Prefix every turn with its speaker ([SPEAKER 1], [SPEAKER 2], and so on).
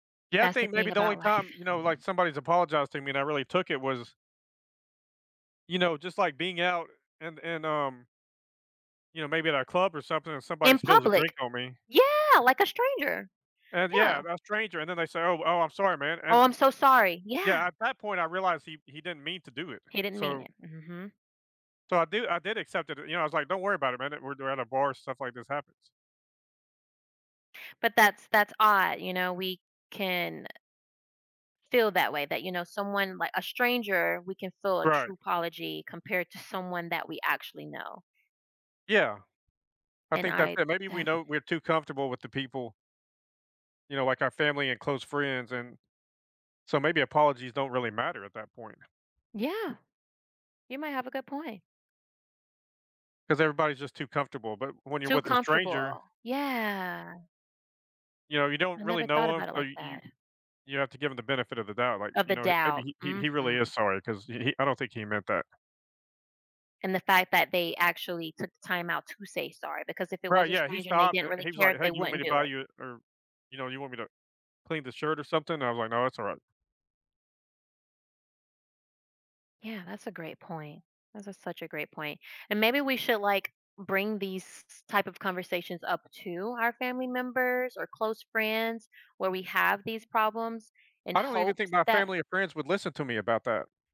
[SPEAKER 1] Yeah, I
[SPEAKER 2] That's the
[SPEAKER 1] think maybe
[SPEAKER 2] thing
[SPEAKER 1] the only
[SPEAKER 2] about life.
[SPEAKER 1] time, you know, like, somebody's apologized to me and I really took it was you know, just, like, being out, and and, um you know, maybe at a club or something, and somebody
[SPEAKER 2] In
[SPEAKER 1] spills a drink
[SPEAKER 2] public.
[SPEAKER 1] on me.
[SPEAKER 2] Yeah, like a stranger.
[SPEAKER 1] And yeah,
[SPEAKER 2] Yeah.
[SPEAKER 1] a stranger, and then they say, "Oh, oh, I'm sorry, man," and
[SPEAKER 2] Oh,
[SPEAKER 1] and
[SPEAKER 2] I'm so sorry. Yeah.
[SPEAKER 1] Yeah, at that point, I realized he d he didn't mean to do it,
[SPEAKER 2] He didn't mean
[SPEAKER 1] so
[SPEAKER 2] it. Mhm.
[SPEAKER 1] so I do I did accept it, you know, I was like, "Don't worry about it, man at we're do at a bar, stuff like this happens."
[SPEAKER 2] But that's that's odd, you know, we can feel that way that, you know, someone li a stranger, we can feel a
[SPEAKER 1] Right.
[SPEAKER 2] true apology compared to someone that we actually know.
[SPEAKER 1] Yeah. I
[SPEAKER 2] and
[SPEAKER 1] think that's
[SPEAKER 2] I
[SPEAKER 1] it, maybe we
[SPEAKER 2] defi
[SPEAKER 1] know we're too comfortable with the people you know, like our family and close friends, and so maybe apologies don't really matter at that point.
[SPEAKER 2] Yeah. You might have a good point.
[SPEAKER 1] 'Cause everybody's just too comfortable, but when you're
[SPEAKER 2] Too
[SPEAKER 1] with a stranger
[SPEAKER 2] comfortable, yeah.
[SPEAKER 1] you know, you don't
[SPEAKER 2] I
[SPEAKER 1] really
[SPEAKER 2] never thought
[SPEAKER 1] know him,
[SPEAKER 2] about it
[SPEAKER 1] so
[SPEAKER 2] like
[SPEAKER 1] you you
[SPEAKER 2] that.
[SPEAKER 1] you have to give him the benefit of the doubt, like,
[SPEAKER 2] Of
[SPEAKER 1] you
[SPEAKER 2] the
[SPEAKER 1] know, he
[SPEAKER 2] doubt.
[SPEAKER 1] maybe he he really is
[SPEAKER 2] Mhm.
[SPEAKER 1] sorry, 'cause he he I don't think he meant that.
[SPEAKER 2] And the fact that they actually took the time out to say sorry, because if it was
[SPEAKER 1] Right,
[SPEAKER 2] a
[SPEAKER 1] yeah, he
[SPEAKER 2] stranger and they
[SPEAKER 1] stopped,
[SPEAKER 2] didn't
[SPEAKER 1] and and
[SPEAKER 2] really
[SPEAKER 1] he was like,
[SPEAKER 2] care,
[SPEAKER 1] "Hey,
[SPEAKER 2] they
[SPEAKER 1] do you want me
[SPEAKER 2] wouldn't
[SPEAKER 1] to
[SPEAKER 2] do
[SPEAKER 1] buy
[SPEAKER 2] it.
[SPEAKER 1] you or," you know, "you want me to clean the shirt or something?" I was like, "No, it's alright."
[SPEAKER 2] Yeah, that's a great point. That is a such a great point, and maybe we should, like, bring these s s type of conversations up to our family members, or close friends where we have these problems in
[SPEAKER 1] I don't even think
[SPEAKER 2] hopes
[SPEAKER 1] my
[SPEAKER 2] that
[SPEAKER 1] family or friends would listen to me about that.